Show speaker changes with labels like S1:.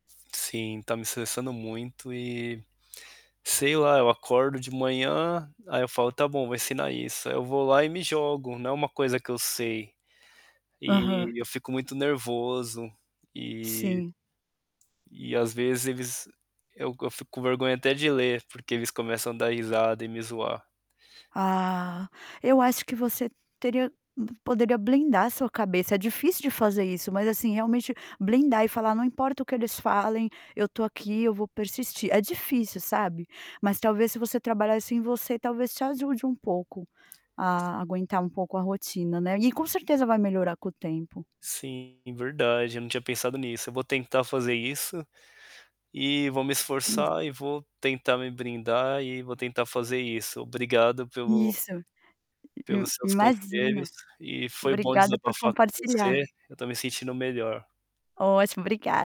S1: Sim, está me estressando muito e sei lá, eu acordo de manhã, aí eu falo: "Está bom, eu vou ensinar isso.". Aí eu vou lá e me jogo, não é uma coisa que eu sei.
S2: Aham.
S1: E, eu fico muito nervoso, e
S2: Sim.
S1: e às vezes eles eu go eu fico com vergonha até de ler porque eles começam a dar risada e me zoar.
S2: Ah, eu acho que você teria poderia blindar a sua cabeça, é difícil de fazer isso, mas assim realmente blindar e falar não importa o que eles falem, eu estou aqui, eu vou persistir, é difícil sabe, mas talvez se você trabalhasse em você, talvez te ajude um pouco, a aguentar um pouco a rotina, né, e com certeza vai melhorar com o tempo.
S1: Sim, verdade, eu não tinha pensado nisso, eu vou tentar fazer isso, e vou me
S2: Isso.
S1: esforçar e vou tentar me brindar e vou tentar fazer isso. Obrigado pelo
S2: Isso, im
S1: pelos seus
S2: imagina,
S1: conselhos e foi bom
S2: obrigada por
S1: desabafar com você,
S2: compartilhar.
S1: eu estou me sentindo melhor.
S2: Ótimo, obriga